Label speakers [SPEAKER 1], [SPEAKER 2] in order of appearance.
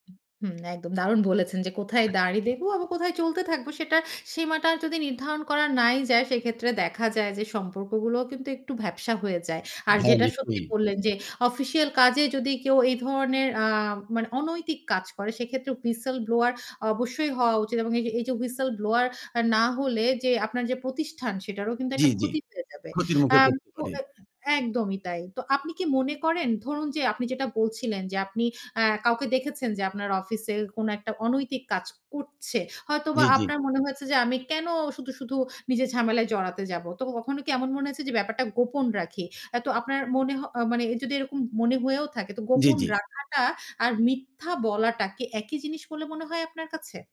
[SPEAKER 1] হুম, একদম দারুণ বলেছেন যে, কোথায়
[SPEAKER 2] আচ্ছা,
[SPEAKER 1] দাঁড়ি
[SPEAKER 2] হুম।
[SPEAKER 1] দেবো আবার কোথায় চলতে থাকবো সেটা সীমাটার যদি নির্ধারণ করা নাই যায় সেক্ষেত্রে দেখা যায় যে সম্পর্কগুলোও কিন্তু একটু ভ্যাপসা হয়ে যায়। আর
[SPEAKER 2] হ্যাঁ,
[SPEAKER 1] যেটা সত্যি
[SPEAKER 2] নিশ্চয়ই।
[SPEAKER 1] বললেন যে, অফিসিয়াল কাজে যদি কেউ এই ধরনের আ মানে অনৈতিক কাজ করে সেক্ষেত্রে Whistle ব্লোয়ার অবশ্যই হওয়া উচিত। এবং এই যে এই যে Whistle ব্লোয়ার আ না হলে যে, আপনার যে প্রতিষ্ঠান সেটারও কিন্তু
[SPEAKER 2] জ্বি,
[SPEAKER 1] একটা
[SPEAKER 2] জ্বি।
[SPEAKER 1] ক্ষতি হয়ে যাবে।
[SPEAKER 2] ক্ষতির মুখে
[SPEAKER 1] আম
[SPEAKER 2] পড়তে
[SPEAKER 1] তো
[SPEAKER 2] পারি।
[SPEAKER 1] একদমই তাই। তো আপনি কি মনে করেন ধরুন যে আপনি যেটা বলছিলেন যে আপনি এ্যা কাউকে দেখেছেন যে আপনার অফিসে কোনো একটা অনৈতিক কাজ করছে। হয়তোবা
[SPEAKER 2] জ্বী, জ্বী।
[SPEAKER 1] আপনার মনে হয়েছে যে, "আমি কেনো শুধু, শুধু নিজের ঝামেলায় জড়াতে যাবো?" তো কখনো কি এমন মনে হয়েছে যে, "ব্যাপারটা গোপন রাখি?" তো আপনার মনে হ মানে যদি এরকম মনে হয়েও থাকে তো
[SPEAKER 2] জ্বি,
[SPEAKER 1] গোপন
[SPEAKER 2] জ্বি।
[SPEAKER 1] রাখাটা আর মিথ্যা বলাটা কি একই জিনিস বলে মনে হয় আপনার কাছে?